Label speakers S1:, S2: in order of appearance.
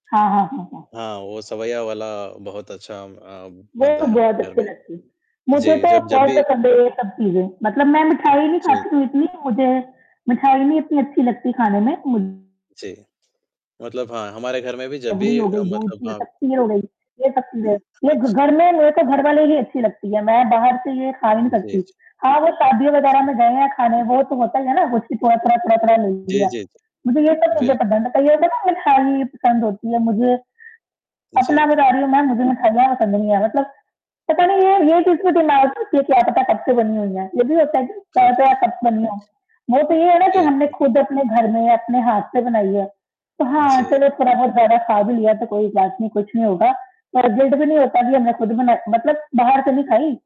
S1: हाँ, हाँ, हाँ, हाँ।
S2: हाँ वो सेवइयाँ वाला बहुत अच्छा अ,
S1: वो
S2: बनता है
S1: बहुत
S2: हमारे घर
S1: अच्छी
S2: में।
S1: लगती है। मुझे
S2: जी,
S1: तो
S2: जब जब
S1: बहुत
S2: भी
S1: पसंद है ये सब चीज़ें। मतलब मैं मिठाई नहीं
S2: जी,
S1: खाती
S2: जी।
S1: हूँ इतनी, मुझे मिठाई नहीं उतनी अच्छी लगती खाने में मुझ
S2: जी। मतलब हाँ, हमारे घर में भी जब
S1: रबड़ी
S2: भी
S1: हो
S2: अ,
S1: गई, दूध
S2: मतलब
S1: से
S2: हाँ।
S1: तब खीर हो गई, ये सब चीजें। ये घ
S2: अच्छा।
S1: घर में रहके घर वाली नहीं अच्छी लगती है। मैं बाहर से ये खा ही नहीं
S2: जी,
S1: सकती।
S2: जी।
S1: हाँ, वो शादियों वग़ैरह में
S2: अच्छा।
S1: जाएँ या खाने, वो तो होता ही, है ना? सब कुछ थोड़ा-थोड़ा, थोड़ा-थोड़ा ले
S2: जी,
S1: लिया।
S2: जी, जी। बिल्क
S1: [unintelligible] पसंद होती है मुझे। अपना
S2: जी।
S1: बता रही हूँ मैं मुझे मिठाइयाँ पसंद नहीं है मतलब पता नहीं ये ये [unintelligible] क्या पता कब से बनी हुई हैं?
S2: अच्छा, हाँ।
S1: [unintelligible] वो तो ये है ना कि हमने
S2: बिल्कुल।
S1: खुद अपने घर में या अपने हाथ से बनाई है। तो हाँ
S2: जी।
S1: चलो थोड़ा-बहुत ज़्यादा खा भी लिया तो कोई बात नहीं कुछ नहीं होगा। पर गिल्ट भी नहीं होता की अब मई खुद बनाती मतलब बाहर से नहीं खाई।